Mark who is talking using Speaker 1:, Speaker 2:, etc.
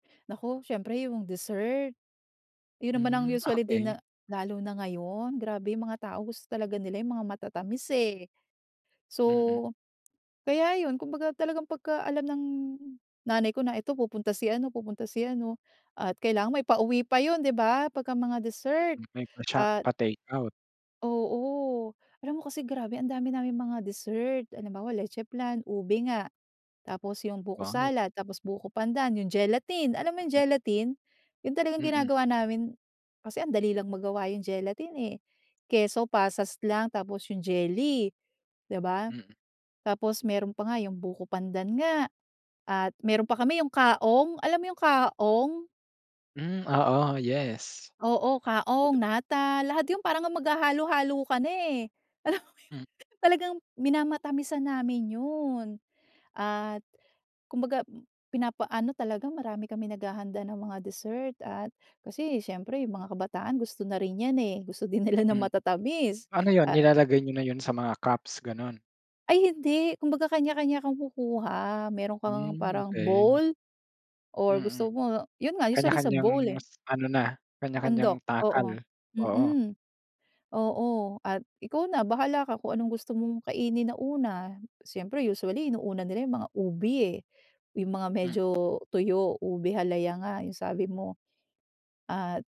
Speaker 1: Naku, siyempre yung dessert. Yun naman ang
Speaker 2: Hmm,
Speaker 1: usually din
Speaker 2: okey.
Speaker 1: na lalo na ngayon, grabe yung mga tao gusto talaga nila yung mga matatamis eh. So,
Speaker 2: Mm.
Speaker 1: kaya yun, kumbaga talagang pagka-alam ng nanay ko na ito pupunta si ano pupunta si ano at kailangan may pauwi pa yun, 'di ba? 'Pagka mga dessert,
Speaker 2: Mm, may pa sha
Speaker 1: ah
Speaker 2: pa takeout.
Speaker 1: Oo. Alam mo kasi grabe ang dami naming mga dessert. Halimbawa leche flan, ube nga, tapos yung buko
Speaker 2: Wow!
Speaker 1: salad, tapos buko pandan, yung gelatin, alam mo yung gelatin? Yun talagang
Speaker 2: Mm.
Speaker 1: ginagawa namin, kasi ang dali lang magawa yung gelatin eh. Keso, pasas lang tapos yung jelly, 'di ba?
Speaker 2: Mm.
Speaker 1: Tapos meron pa nga yung buko pandan nga at meron pa kami yung kaong, alam yung kaong?
Speaker 2: Hmm, oo, yes.
Speaker 1: Oo. Kaong,
Speaker 2: [unintelligible]
Speaker 1: nata, lahat yung parang ang maghahalo-halo ka na eh. Alam mo,
Speaker 2: Hmm.
Speaker 1: talagang minamatamisan namin yun. At, kumbaga pinapa-ano talaga, marami kaming naghahanda ng mga dessert at kasi siyempre yung mga kabataan gusto na rin 'yan eh. Gusto din nila ng
Speaker 2: Hmm.
Speaker 1: matatamis.
Speaker 2: Ano yun
Speaker 1: Ah
Speaker 2: nilalagay niyo na yun sa mga cups, ganun?
Speaker 1: Ay hindi. Kumbaga kanya-kanya kumukuha, meron ka ngang
Speaker 2: Hmm,
Speaker 1: parang
Speaker 2: okey.
Speaker 1: bowl or gusto
Speaker 2: Mm.
Speaker 1: mo, yun nga usually sa
Speaker 2: Kanya-kanyang
Speaker 1: bowl eh.
Speaker 2: s ano na, kanya-kanyang
Speaker 1: Sandok,
Speaker 2: takal.
Speaker 1: oo.
Speaker 2: Oo.
Speaker 1: Mhm, oo at ikaw na bahala ka kung anong gusto mong kainin na una, siyempre usually inuuna nila yung mga ube eh, yung mga
Speaker 2: Hmm.
Speaker 1: medyo tuyo. Ube halaya nga yung sabi mo. At